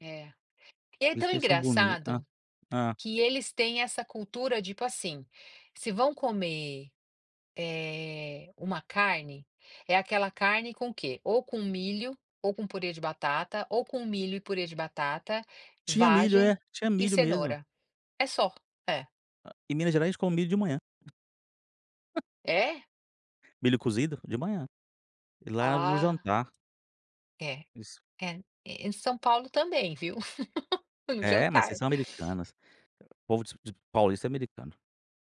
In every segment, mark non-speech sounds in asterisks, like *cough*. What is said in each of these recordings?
É, e é Por isso tão que eles sáo boni hã, engraçado, hã. que eles têm essa cultura, tipo, assim, se vão comer, eh, uma carne, é aquela carne com o quê? Ou com milho, ou com purê de batata, ou com milho e purê de batata, Tinha milho, é, vagem tinha e milho mesmo. cenoura, é só, é. Em Minas Gerais eles come milho de manhã. *chuckles* É? Milho cozido de manhã, e lá no Ah. jantar. É, Isso. é em São Paulo também, viu, *laughs* no É mas vocês jantar. são americanas, povo de de paulista é americano.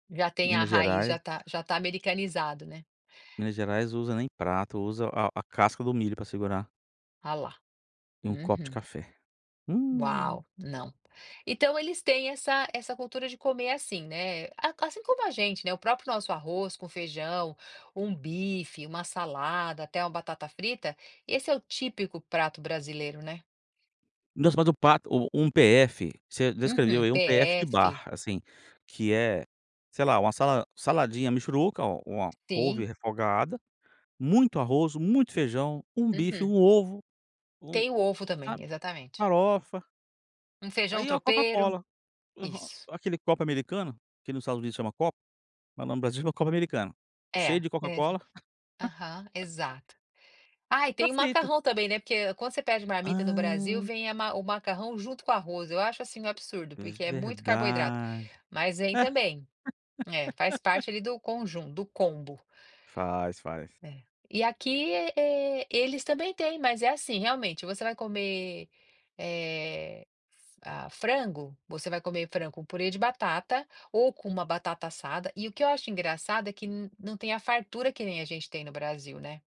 Já tem a Minas raiz já Gerais está já está americanizado, né. Minas Gerais usa nem prato, usa a a casca do milho para segurar Ah, lá, e um copo de uhum. café, hum. Uau, não, então eles têm essa essa cultura de comer assim, né, assim como a gente, né, o próprio nosso arroz com feijão, um bife, uma salada, até uma batata frita, esse é o típico prato brasileiro, né. Nossa mas o prato o um PF, você descreveu Uhum, aí um PF de PF. bar, assim, que é, sei lá uma sala saladinha mixuruca o uma couve Sim. refogada, muito arroz, muito feijão, um bife, Uhum. um ovo, um Tem o ovo também, sabe, exatamente. farofa Um feijão aí a tropeiro, Coca-Cola, aham, isso. aquele copo americano, que no Estados Unidos chama copo, mas no Brasil chama copo americano, cheio É, de Coca-Cola. exato, aham, *laughs* exato, ah, E e tá tem o feito. macarrão também, né, porque quando você pede marmita no Brasil Ah. vem a ma o macarrão junto com o arroz, eu acho assim um absurdo, porque é muito carboidrato, Verdade. mas vem também, é, faz *laughs* parte ali do conjun do combo. Faz, faz. É, e aqui, eh, eles também têm, mas é assim realmente, você vai comer, eh, f ah, frango, você vai comer frango com purê de batata, ou com uma batata assada, e o que eu acho engraçado é que não tem a fartura que nem a gente tem no Brasil, né?